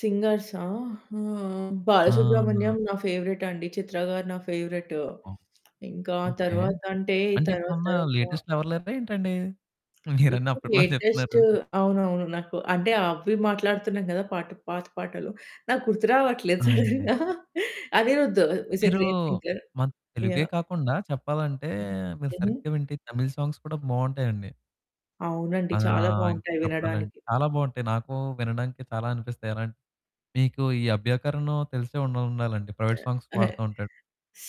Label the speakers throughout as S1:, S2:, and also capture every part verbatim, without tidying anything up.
S1: సింగర్సా ఆహ్,
S2: ఆహా!
S1: బాలసుబ్రమణ్యం నా ఫేవరేట్ అండి. చిత్ర గారు నా ఫేవరేట్.
S2: ఓహ్!
S1: ఇంకా
S2: ఓకే.
S1: తరువాత అంటే
S2: అంటే
S1: తరువాత
S2: ఇప్పుడున్న
S1: తరువాత
S2: లేటెస్ట్ ఎవరు లేరా ఏంటండి? మీరన్ని
S1: ఇప్పుడు
S2: అప్పట్లోనే చెప్తున్నారు.
S1: లేటెస్టూ అవునువును. నాకు అంటే అవి మాట్లాడుతున్నాం కదా! పాత పాటలు. నాకు గుర్తు రావట్లేదు
S2: ఆ! అండి.
S1: సడెన్‌గా. అనిరుద్ హీ ఈజ్ ఎ
S2: మీరు
S1: గ్రేట్ సింగర్.
S2: మాకు తెలుగే
S1: యాహ్!
S2: కాకుండా చెప్పాలంటే,
S1: హ్మ్.
S2: మీరు
S1: ఏంది?
S2: సరిగ్గా వింటే తమిళ్ సాంగ్స్ కూడా బాగుంటాయండి.
S1: అవునండి.
S2: ఆ!
S1: చాలా
S2: ఇంకా
S1: బాగుంటాయి
S2: చెప్పాల
S1: వినడానికి.
S2: చాలా బాగుంటాయి. నాకు వినడానికి చాలా బాగా అనిపిస్తాయి. అలాంటివి మీకు ఈ అభ్యాంకరను తెలిసే ఉండాలండి. ప్రైవేట్
S1: ఆహ్,
S2: సాంగ్స్
S1: అహా!
S2: పాడుతూ ఉంటాడు.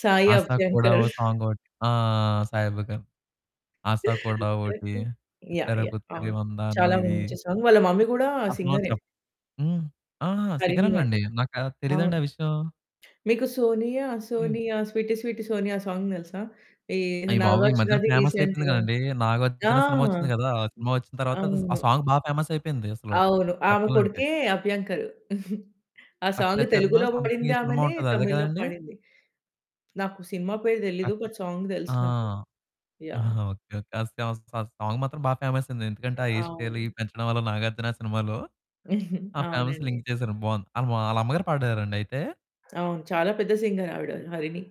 S1: సాయి
S2: 'ఆశా కూడా'
S1: అభ్యంకర్.
S2: ఒక సాంగ్ ఒకటి. ఆ! సాయి అభ్యాకరణ్. 'ఆశ కూడా ఒకటి,'
S1: ఓకే. యాహ్!
S2: 'పుత్తరి
S1: యాహ్!
S2: పుత్తరి
S1: అవును.
S2: వందానం'
S1: చాలా
S2: ఇది
S1: మంచి సాంగ్. వాళ్ళ మమ్మీ కూడా
S2: అసలు
S1: సింగరే.
S2: చేప్ హ్మ్, ఆహా!
S1: హరిణి
S2: సింగరేనా
S1: అని.
S2: అండి! నాకా తెలీదండి
S1: అవును.
S2: ఆ విషయం.
S1: మీకు 'సోనియా
S2: హ్మ్.
S1: సోనియా స్వీటు స్వీటు సోనియా' ఆ సాంగ్ తెలుసా? ఈ
S2: అయ్యబాబోయ్! ఈ మధ్యన
S1: నాగార్జునది
S2: ఫేమస్ అయిపోయింది
S1: రీసెంట్‌గా
S2: కదండి.
S1: ఆ!
S2: నాగార్జున సినిమా వచ్చింది కదా! ఆ సినిమా వచ్చిన తరువాత ఆ
S1: అవును.
S2: సాంగ్ బాగా ఫేమస్ అయిపోయింది అసలు
S1: అవును ఆమె
S2: చెప్పాలంటే.
S1: కొడుకే అభ్యంకరు ఆ
S2: 'రక్త
S1: సాంగ్
S2: చరనో'
S1: తెలుగులో
S2: సమ్థింగ్
S1: పాడింది
S2: ఈ సినిమా
S1: ఆమెనే,
S2: ఉంటది అదే
S1: తమిళ్‌లో
S2: కదండీ.
S1: పాడింది. నాకు సినిమా పేరు
S2: అ
S1: తెలీదు. ఒక సాంగ్
S2: ఆ!
S1: తెలుసు నాకు. యాహ్!
S2: ఓకే. ఓకే. [unintelligible] ఆ సాంగ్ మాత్రం బాగా ఫేమస్ అయింది.
S1: అ
S2: ఎందుకంటే ఆ హెయిర్ స్టైల్
S1: అవును.
S2: పెంచడం వల్ల నాగార్జున సినిమాలో, ఆ
S1: అవునండి.
S2: ఫేమస్లింక చేశారు. బాగుంది. ఆళ్ళ మా వాళ్ళ అమ్మగారు పాడారండి అయితే.
S1: అవును. చాలా పెద్ద సింగర్ ఆవిడ హరిణి.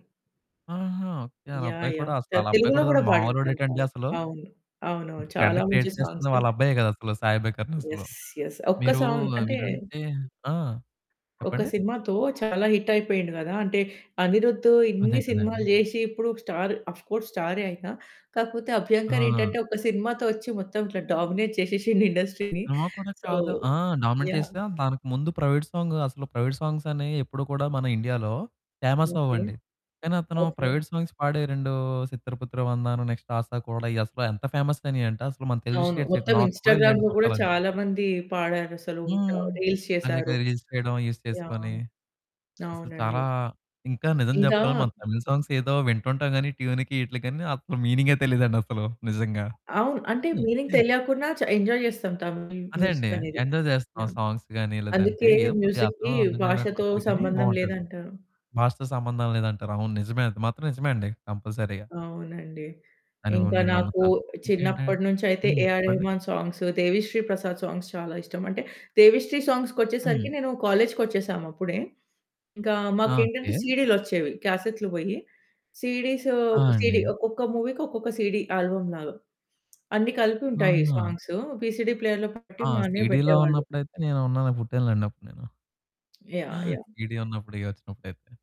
S2: ఆహా! ఓకే. ఆళ్ళ
S1: యాహ్!
S2: అబ్బాయి కూడా
S1: యాహ్!
S2: అసలాళ్ళబ్బాయి
S1: తెలుగులో
S2: కూడా
S1: కూడా పాడింది తను
S2: మామూలోడేటండి
S1: చాలా.
S2: అసలు.
S1: అవును అవును. చాలా
S2: ట్రెండ్
S1: మంచి
S2: క్రియేట్ చేస్తున్న
S1: సాంగ్స్.
S2: వాళ్ళ అబ్బాయే కదా! అసలు. సాయి అభ్యాంకర్ అసలు
S1: యెస్, యెస్. ఒక్క
S2: మీరు
S1: సౌండ్ అంటే
S2: వినుంటే ఆ!
S1: ఒక
S2: చెప్పండి.
S1: సినిమాతో చాలా హిట్ అయిపోయిండు కదా! అంటే అనిరుద్దు
S2: అదే
S1: ఇన్ని
S2: కదండీ!
S1: సినిమాలు చేసి ఇప్పుడు స్టార్. ఆఫ్ కోర్స్ స్టారే అయినా కాకపోతే అభ్యాంకర్
S2: ఆ!
S1: ఏంటంటే, ఒక సినిమా తో వచ్చి మొత్తం ఇట్లా డామినేట్ చేసేసిండు ఇండస్ట్రీని.
S2: సినిమా కూడా
S1: సో
S2: కాదు. ఆ! Dominate
S1: yeah!
S2: చేస్తే దానికి ముందు ప్రైవేట్ సాంగ్ అసలు ప్రైవేట్ సాంగ్స్ అనేవి ఎప్పుడు కూడా మన ఇండియాలో ఫేమస్
S1: ఓకే,
S2: అవ్వవండి. కానీ అతను
S1: ఓకే.
S2: ప్రైవేట్ సాంగ్స్ పాడే రెండు 'చిత్తర పట్టరా వందన,' నెక్స్ట్ 'ఆశా కూడా' అసలు ఎంత ఫేమస్ అయినీయంటే అసలు మన తెలుగు
S1: అవును. మొత్తం
S2: స్టేట్స్‌లో కూడా నేను
S1: ఇన్‌స్టాగ్రామ్‌లో కూడా
S2: చెప్పాలంటే.
S1: చాలా మంది పాడారు. అసలు
S2: హ్మ్.
S1: రీల్స్
S2: అదే కదా.
S1: చేసారు.
S2: రిజిస్టర్ చేయడం యూజ్ చేసుకొని
S1: యాహ్!
S2: అసలు
S1: అవునండి.
S2: చాలా. ఇంకా నిజం
S1: ఇంకా
S2: చెప్పాలి. మన తమిళ్ సాంగ్స్ ఏదో వింటుంటాం గాని ట్యూన్‌కి వీటికి అసలు మీనింగే తెలియదండి అసలు నిజంగా.
S1: అవును. అంటే మీనింగ్ తెలియకుండా చ ఎంజాయ్ చేస్తాం. తమిళ్
S2: అదే అండి.
S1: మ్యూజిక్ అనేది.
S2: ఎంజాయ్ చేస్తున్నాం
S1: యాహ్!
S2: సాంగ్స్ గాని, లేదంటే
S1: అందుకే
S2: ఏదో కొద్దిగా అర్థం,
S1: మ్యూజిక్‌కి
S2: అర్థం
S1: భాషతో
S2: కానట్టుంటది కానీ
S1: సంబంధం
S2: బావుంటది.
S1: లేదంటారు.
S2: భాషతో సంబంధం లేదంటారు. అవును నిజమే. అది మాత్రం నిజమే అండి. కంపల్సరీగా.
S1: అవునండి.
S2: అని
S1: ఇంకా
S2: నేను
S1: నాకు
S2: నమ్ముతాను ఇంకేంటంటే
S1: చిన్నప్పటి నుంచి అయితే,
S2: హ్మ్,
S1: ఏఆర్
S2: చెప్పండి.
S1: రెహమాన్ సాంగ్స్ దేవిశ్రీ ప్రసాద్ సాంగ్స్ చాలా ఇష్టం. అంటే దేవిశ్రీ సాంగ్స్‌కి వచ్చేసరికి
S2: హ్మ్.
S1: నేను కాలేజుకొచ్చేసాం అప్పుడే. ఇంకా
S2: ఆ!
S1: మాకు ఏంటంటే
S2: ఓకే.
S1: సీడీలొచ్చేవి. క్యాసెట్లు పోయి సీడీస్.
S2: ఆ!
S1: సీడీ
S2: అండి.
S1: ఒక్కొక్క మూవీకి ఒక్కొక్క సీడీ. ఆల్బమ్ లాగా. అన్ని కలిపి ఉంటాయి
S2: ఆహా!
S1: సాంగ్స్. వీసీడీ ప్లేయర్‌లో పెట్టి
S2: ఆ!
S1: మా అన్నయ్య
S2: సీడీలో
S1: పెట్టేవాళ్ళు.
S2: ఉన్నప్పుడైతే నేనున్నాను. పుట్టాను లెండి. అప్పుడు నేను.
S1: యాహ్! యాహ్!
S2: సీడీ ఉన్నప్పుడు ఇయ్యి వచ్చినప్పుడు అయితే.